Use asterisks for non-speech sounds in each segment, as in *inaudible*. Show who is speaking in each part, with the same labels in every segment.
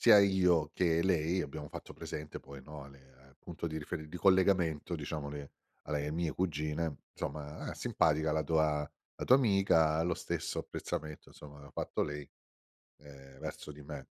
Speaker 1: Sia io che lei abbiamo fatto presente poi, no, a le al punto di riferi di collegamento, diciamo, le alle mie cugine: “Somma, ah simpatica la tua la tua amica”. Lo stesso apprezzamento, insomma, l'ha fatto lei, ehm, verso di me.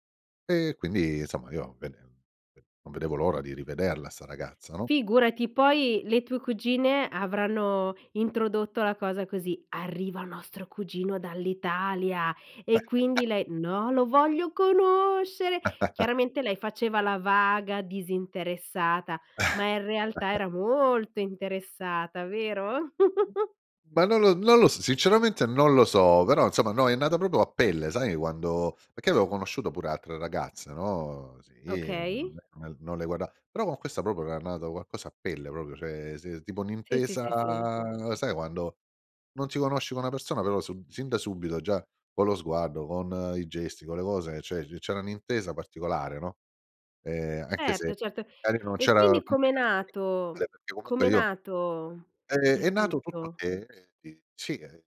Speaker 1: E quindi, insomma, io bene, n non vedevo l'ora di rivederla, 'sta ragazza, no?
Speaker 2: Figurati, poi le tue cugine avranno introdotto la cosa così: “Arriva nostro cugino dall'Italia”, e
Speaker 1: *chuckles*
Speaker 2: quindi lei: "No, lo voglio conoscere!”
Speaker 1: *chuckles*
Speaker 2: Chiaramente lei faceva la vaga disinteressata, ma in realtà
Speaker 1: *chuckles*
Speaker 2: era molto interessata! Vero? *chuckles*
Speaker 1: Ma non lo non lo s sinceramente, non lo so, però, insomma, no, è nato proprio a pelle. Sai quando perché avevo conosciuto pure altre ragazze, no? Sì,
Speaker 2: Okay.
Speaker 1: mhmm, no non le guarda però con questa proprio era nato qualcosa a pelle, proprio, cioè sì, tipo
Speaker 2: Sì, sì,
Speaker 1: un'intesa
Speaker 2: sì, sì.
Speaker 1: sai quando non ti conosci con una persona, però sub sin da subito, già con lo sguardo, con i gesti, con le cose, cioè c c'era un'intesa particolare, no, ehm, anche
Speaker 2: Certo,
Speaker 1: se
Speaker 2: certo.
Speaker 1: magari non
Speaker 2: E
Speaker 1: c'era,
Speaker 2: quindi com'è
Speaker 1: *unintelligible*
Speaker 2: nato
Speaker 1: perché comunque
Speaker 2: com'è
Speaker 1: io
Speaker 2: nato,
Speaker 1: Ehm, è
Speaker 2: il
Speaker 1: nato tutto
Speaker 2: tutto?
Speaker 1: che, eh, di sì, ehm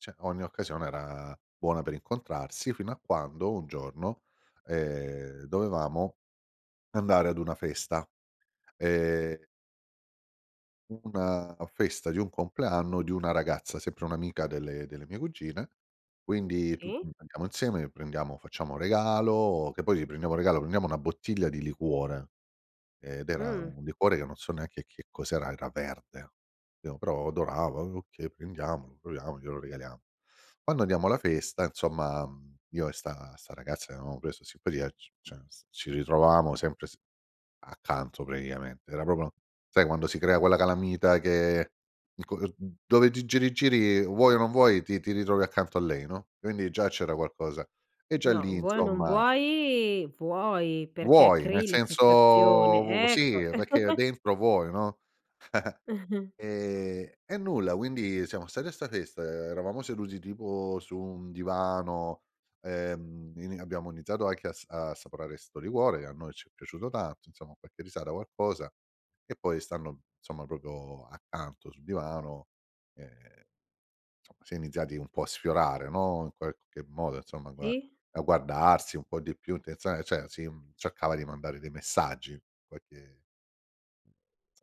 Speaker 1: cioè ogni occasione era buona per incontrarsi fino a quando, un giorno, ehm, dovevamo andare ad una festa, ehm U una festa di un compleanno di una ragazza, sempre un'amica delle delle mie cugine, quindi tutti
Speaker 2: Sì.
Speaker 1: andiamo insieme e prendiamo facciamo regalo, che poi le prendiamo un regalo, prendiamo una bottiglia di liquore ed era
Speaker 2: Mh.
Speaker 1: un liquore che non so neanche che cos'era, era verde, pi però adorava, "okay, prendiamolo, proviamo, glielo regaliamo". Quando andiamo alla festa, insomma, mhmm, io e 'sta 'sta ragazza che avevamo preso simpatia, c cioè, ci ritrovavamo sempre s accanto praticamente, era proprio, sai, quando si crea quella calamita che il co mhmm, dove ti giri giri, vuoi o non vuoi, ti ti ritrovi accanto a lei, no, quindi già c'era qualcosa e già
Speaker 2: No,
Speaker 1: lì,
Speaker 2: vuoi o non
Speaker 1: insomma.
Speaker 2: vuoi, vuoi. Perché
Speaker 1: Vuoi, nel
Speaker 2: crei la
Speaker 1: senso vu
Speaker 2: situazione, ecco.
Speaker 1: sì, perché
Speaker 2: *chuckles*
Speaker 1: dentro vuoi, no.
Speaker 2: *chuckles*
Speaker 1: *chuckles* Ehm, e nulla, quindi siamo stati a 'sta festa, eravamo seduti tipo su un divano, ehm, in abbiamo iniziato anche a s ad assaporare questo liquore, che a noi ci è piaciuto tanto, insomma, qualche risata, qualcosa, e poi stando, insomma, proprio accanto sul divano, ehm, somma, si è iniziati un po' a sfiorare, no, in qualche modo, insomma, a gua
Speaker 2: Sì.
Speaker 1: a guardarsi un po' di più, cioè sa c'è si, mhmm, cercava di mandare dei messaggi, qualche, s